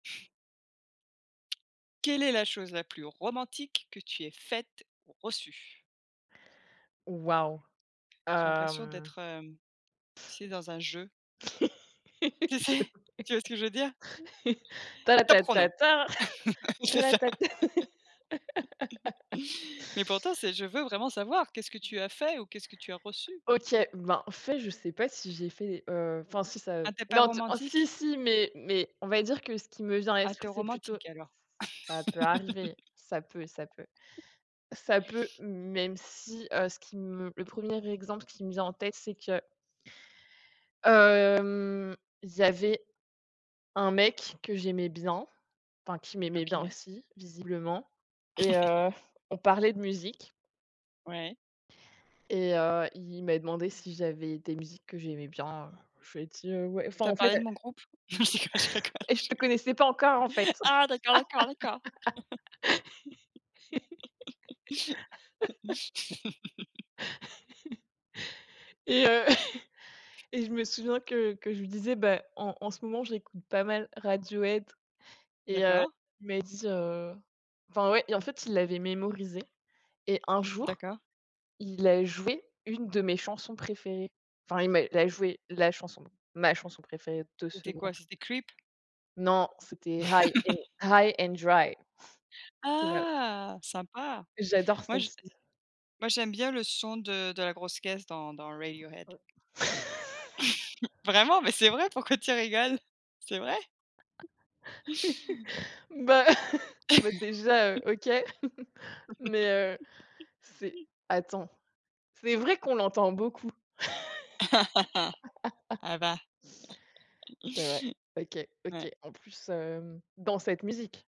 Quelle est la chose la plus romantique que tu aies faite ou reçue? Wahou. J'ai Heu, l'impression mmh d'être, heu, tu sais dans un jeu J'avoue, tu ouais sais? tu vois ce que je veux dire? ta ra Top ta chrono. ta ta ta C'est ra ça. ta ta Mais pourtant, c'est je veux vraiment savoir qu'est-ce que tu as fait ou qu'est-ce que tu as reçu? OK, ben au fait je sais pas si j'ai fait, heu, enfin si ça Ah tu es pas non, t si romantique? si, mais mais on va dire que ce qui me vient à Ah, tu l'esprit, es c'est plutôt, ce romantique alors. ça peut arriver, ça peut, ça peut, ça peut, même si, heu, ce qui me, le 1er exemple qui me vient en tête, c'est que hem, il y avait un mec que j'aimais bien, enfin qui m'aimait bien OK. aussi visiblement et heu, on parlait de musique Ouais. et heu, il m'a demandé si j'avais des musiques que j'aimais bien, heu, je lui ai dis: «Ouais». Enfin Tu as en fait parlé de mon groupe? Non je déconne, je rigole hé je je te connaissais pas encore, en fait Ah d'accord, d'accord, d'accord. et heu et je me souviens que que je lui disais, bah en en ce moment, j'écoute pas mal Radiohead et heu D'accord. il m'a dit heu enfin ouais et en fait, il l'avait mémorisé et un jour, D'accord. il a joué une de mes chansons préférées. Enfin il m'a il a joué la chanson, ma chanson préférée de ce C'était quoi, groupe. c'était Creep? Non, c'était High and High and Dry. [unintelligible] Ah, sympa. J'adore Moi je celle-ci. moi j'aime bien le son de de la grosse caisse dans dans Radiohead. E Vraiment, mais c'est vrai, pourquoi tu rigoles? C'est vrai. Bah, bah déjà, heu, OK, mais heu, c'est attends, c'est vrai qu'on l'entend beaucoup. Ah bah. C'est vrai, OK, Ouais. OK, en plus, hem, dans cette musique